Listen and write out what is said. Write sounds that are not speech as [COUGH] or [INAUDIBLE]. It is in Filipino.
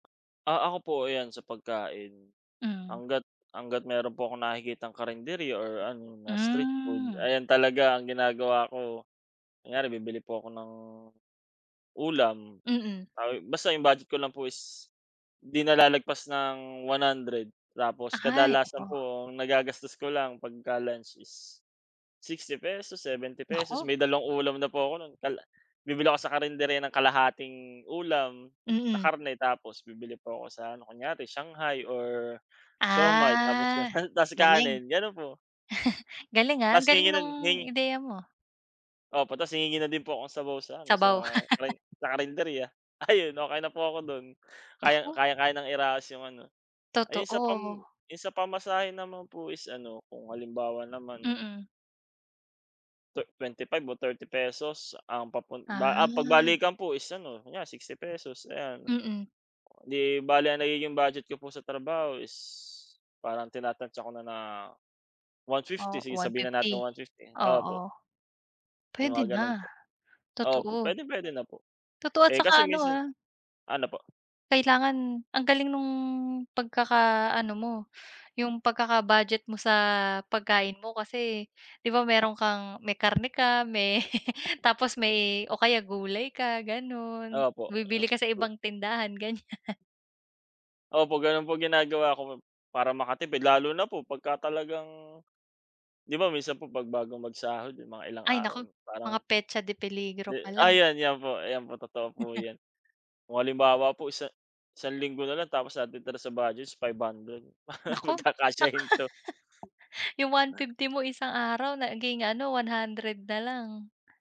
Ah, ako po ayan, sa pagkain. Mm. Hangga't hangga't meron po akong nakikitang karinderya or ano, na street food Mhm. ayan, talaga ang ginagawa ko, kunyare, bibili po ako ng ulam. Mm. Ay basta 'yong budget ko lang po is 'di na lalagpas ng 100. Tapos Ay, kadalasan oo. po ang nagagastos ko lang pagka lunch is 60 pesos, 70 pesos Naku! may dalawang ulam na po ako no'n. Tala bibili ako sa karinderya ng kalahating ulam na Mm. karne tapos bibili po ako sa ano, kunyare shanghai or siomai tapos sa Ah, tas galing. kanin, gano'n po. [LAUGHS] Galing, ah, ang Tas galing hihingi no'n nung hi ideya mo. Opo. Tas hihingi na din po akong sabaw sa ano, Sabaw. sa [LAUGHS] karin sa karinderya. Ayun, okey na po ako do'n. Kaya Naku! kayang-kaya ng iraos 'yong ano. Ayun, sa pam Totoo. 'yong sa pamasahe naman po is ano, kung halimbawa naman Mm. twe 25 o 30 pesos ang papun ba ah, 'pag Ah. balikan po is ano, kunyare 60 pesos, ayan. Mm. 'Di bale ang nagiging budget ko po sa trabaho is parang tinatantiya ko na na 150. Oh, Sige, one sabihin na natin fifty? 150, opo. Oo. Yung Puwede mga ganun na, po. Opo, totoo. puwedeng puwede na po. Totoo at Eh, kasi saka ano, minsan ah ano po? kailangan ang galing nung pagkakaano mo, yung pagkaka-budget mo sa pagkain mo kasi 'di ba meron kang may karne ka, may [LAUGHS] tapos may o kaya gulay ka ganun, Opo, 'yong bibili ka sa to ibang tindahan, ganyan. [LAUGHS] Opo, gano'n po ginagawa ko para makatipid. Lalo na po pagka talagang 'di ba, minsan po 'pag bago magsahod, mga ilang Ay naku! araw Mga parang petsa de di peligro pala. ayan, 'yan po, ayan po. Totoo po [LAUGHS] 'yan. Kung halimbawa po isa isang linggo na lang tapos ang natitira sa budget is 500, [LAUGHS] Naku! Naku, pagkakasyahin 'to. [LAUGHS] 'yong one Na fifty mo isang araw naging ano, 100 na lang.